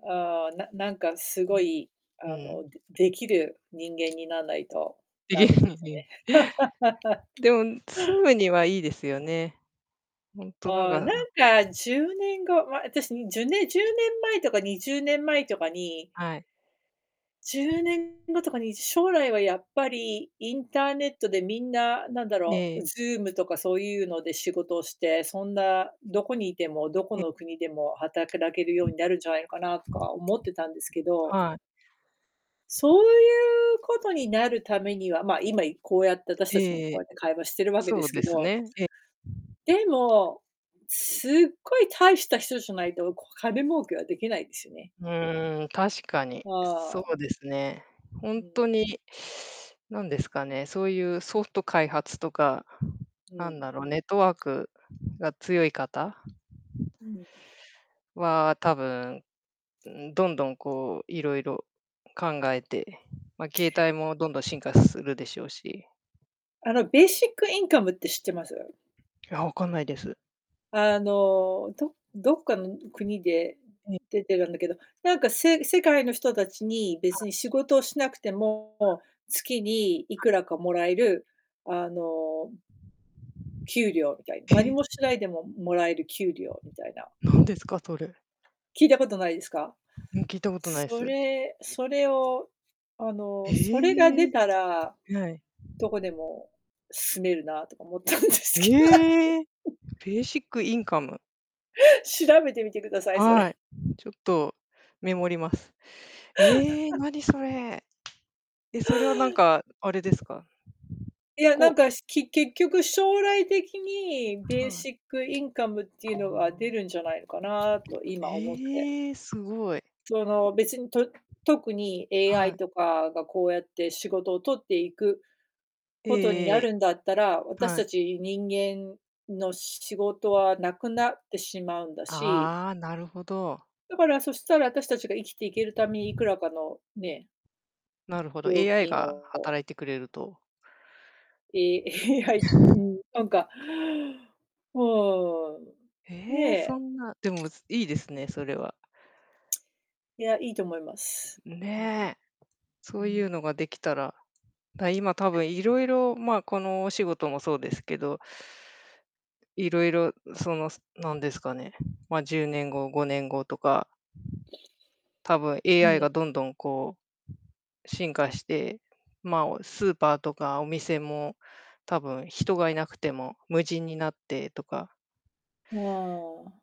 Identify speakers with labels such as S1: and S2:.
S1: ああ、ななんかすご
S2: う。
S1: い、あ
S2: うん。
S1: の、でできる人間になんないと
S2: で
S1: ダ
S2: き
S1: メ
S2: る
S1: で
S2: の
S1: す
S2: に。
S1: わね。
S2: でも、住むにはいいですよね。ほんとなん
S1: ああ、
S2: か、
S1: な
S2: あ。
S1: んか10年後、ま、あたし、じゅね10年前とか20年前とかに
S2: はい。
S1: 10年後とかに、将来はやっぱりインターネットでみんな、なんだろ
S2: え
S1: う、
S2: え。
S1: Zoom とかそうゆうので仕事をして、そんな、どこにいても、どこ
S2: ええ。
S1: の国でもはたけらけるようになるんじゃないのかなとか思ってたんですけど
S2: はい。
S1: そうゆうことになるためにはま、今、いこうやって私
S2: え
S1: たちも
S2: ええ
S1: こ
S2: え。
S1: うやって会話してるわけで
S2: そう
S1: す
S2: で
S1: け
S2: す
S1: ど
S2: ね、え。
S1: でも、すごい大した人じゃないと、こ、金儲けはできないですよね。
S2: うーん、確かに、
S1: あ
S2: そう
S1: あ。
S2: ですね。ほん
S1: うん。
S2: とに、なんですかね、そうゆう、ソフト開発とか、
S1: う
S2: なん
S1: ん。
S2: だろう、ネットワークが強い方
S1: うん。
S2: は多分、うーん、どんどん、こう、いろいろ考えて、ま、携帯もどんどん進化するでしょうし
S1: あの、ベーシックインカムって知ってます？
S2: いや、わかんないです。
S1: あの、どどっかの国で、
S2: え。
S1: 出てるんだけど、なんか、せ世界の人たちに、
S2: は
S1: 別
S2: い。
S1: に仕事をしなくて
S2: は。
S1: も、月にい
S2: は
S1: く
S2: い。
S1: らかもらえる、あの給料みたい何
S2: へ。
S1: もしないでももらえる給料みたいな
S2: なんですかそれ？
S1: 聞いたことないですか？
S2: うん、聞いたことない
S1: そ
S2: す。
S1: れそれを、あの、それが
S2: へ
S1: 出
S2: え、
S1: たら
S2: はい。
S1: どこでも住めるなとか思ったんです
S2: へ
S1: け
S2: え。
S1: ど。
S2: ベーシックインカム。
S1: 調べてみてください、そ
S2: は
S1: れ。
S2: い。ちょっとメモります。ええ、何それ？え、それはなんかあれですか？
S1: いや、なん
S2: こ
S1: か、し、き、結局、将来的に、ベー
S2: はい。
S1: シックインカムっていうのが出るんじゃないのかなと、今、思って
S2: ええ、すごい。
S1: その、別に、と特に
S2: は
S1: AI
S2: い。
S1: とかがこうやって仕事を取っていく
S2: え
S1: ことに
S2: ええ
S1: なるんだったら、
S2: え。
S1: 私
S2: は
S1: た
S2: い。
S1: ち人間の、し仕事はなくなってしまうんだし
S2: ああ、なるほど。
S1: だからそしたら、あたしたちが生きていけるため、いくらかのね
S2: なるほど、AI が
S1: を
S2: 働いてくれると。
S1: え、AI うん、なんかうーん、
S2: ええ、
S1: ね。
S2: そんな。でも、すいいですね、それは。
S1: いや、いいと思います。
S2: ん、
S1: うん。
S2: ね。
S1: う
S2: そうゆう
S1: ん。
S2: のができたら、た今、たぶ ん色々、まあ、このお仕事もそうですけどいろいろ、その、すなんですかね、ま、10年後、5年後とかたぶん
S1: う
S2: AI
S1: ん。
S2: がどんどん、こう、進化して、まあ、おスーパーとかお店も、たぶん、人がいなくても、無人になってとか
S1: ふ、わあ、あ。